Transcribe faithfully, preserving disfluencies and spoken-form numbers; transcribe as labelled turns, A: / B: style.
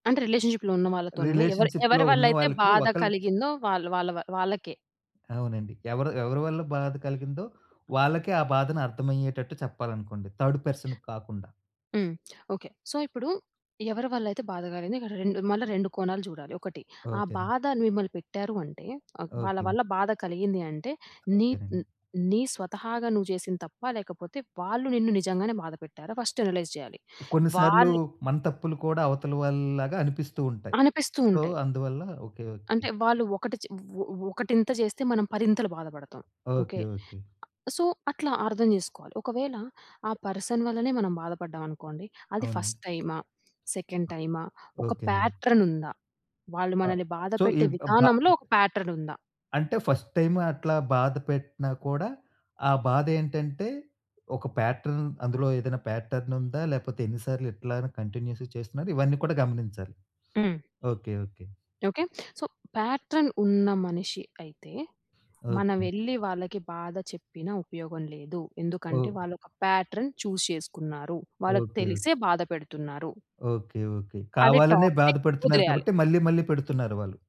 A: అంటే రిలేషన్‌షిప్‌లో ఉన్న వాళ్ళతోనేనా ఎవరు
B: రిలేషన్‌షిప్‌లో
A: ఎవరి వల్ల అయితే
B: ఉన్నవాళ్ళకి
A: బాధ
B: ఒకళ్ళు
A: కలిగిందో వాళ్ళు వాళ్ళ వాళ్ళకే.
B: అవునండి. ఎవరు ఎవరి వల్ల బాధ కలిగిందో, వాళ్ళకే ఆ బాధను అర్థమయ్యేటట్టు చెప్పాలనుకోండి. థర్డ్ పర్సన్‌కి కాకుండా.
A: హ్మ్. ఓకే. సో, ఇప్పుడు ఎవరి వల్ల అయితే బాధ కలిగింది ఇక్కడ రెండు మళ్ళా రెండు కోణాలు చూడాలి. ఒకటి ఆ
B: ఓకే.
A: బాధ మిమ్మల్ని పెట్టారు అంటే ఆహ్, వాళ్ళ
B: ఓకే.
A: వల్ల బాధ కలిగింది అంటే నీ
B: ఓకేనండి.
A: నీ స్వతహాగా నువ్వు చేసింది తప్ప లేకపోతే వాళ్ళు నిన్ను నిజంగానే బాధ పెట్టారా? ఫస్ట్ అనలైజ్ చేయాలి.
B: కొన్ని సార్లు
A: వాళ్ళు
B: మన తప్పులు కూడా అవతల వాళ్ళలాగా అనిపిస్తూ ఉంటాయి.
A: అనిపిస్తూ
B: సో,
A: ఉంటాయి.
B: అందువల్ల ఓకే. ఓకే.
A: అంటే వాళ్ళు ఒకటి చే ఒ ఒకటింత చేస్తే మనం పరింతలు బాధపడతాం. ఓకే.
B: ఓకే. ఓకే.
A: అ సో, అట్లా అర్థం చేసుకోవాలి. ఒకవేళ ఆ పర్సన్ వల్లనే మనం బాధపడ్డాం అనుకోండి. అది ఫస్ట్
B: అవునండీ.
A: టైమా, సెకండ్ టైమా, ఒక
B: ఓకేనండి.
A: ప్యాట్రన్ ఉందా? వాళ్ళు
B: ఆ!
A: మనల్ని
B: సో, ఈ
A: బాధపెట్టే
B: బ్ భ
A: విధానంలో ఒక ప్యాట్రన్ ఉందా?
B: అంటే ఫస్ట్ టైమ్ అట్లా బాధ పెట్టినా కూడా, ఆ బాదేంటంటే ఒక ప్యాట్రన్ అందులో ఏదైనా ప్యాట్రన్ ఉందా? లేకపోతే ఎన్నిసార్లు ఇట్లా కంటిన్యూయస్‌గా చేస్తున్నారు? ఇవన్నీ కూడా గమనించాలి.
A: హ్మ్.
B: Okay. Okay.
A: Okay. So, pattern ఉన్న మనిషి అయితే
B: ఓకే.
A: మనమెల్లి వాళ్ళకి బాధ చెప్పిన ఉపయోగం లేదు. ఎందుకంటే
B: ఓహ్!
A: వాళ్ళు ఒక ప్యాట్రన్ చూజ్ చేసుకున్నారు.
B: ఓకే.
A: వాళ్ళకి
B: ఓకే.
A: తెలిసే బాధ పెడుతున్నారు.
B: ఓకే. ఓకే.
A: అది
B: కావాలనే
A: టాక్సిక్.
B: బాధపడుతున్నారు
A: వదిలేయాలి.
B: కాబట్టి మళ్ళీ మళ్ళీ పెడుతున్నారు వాళ్ళు.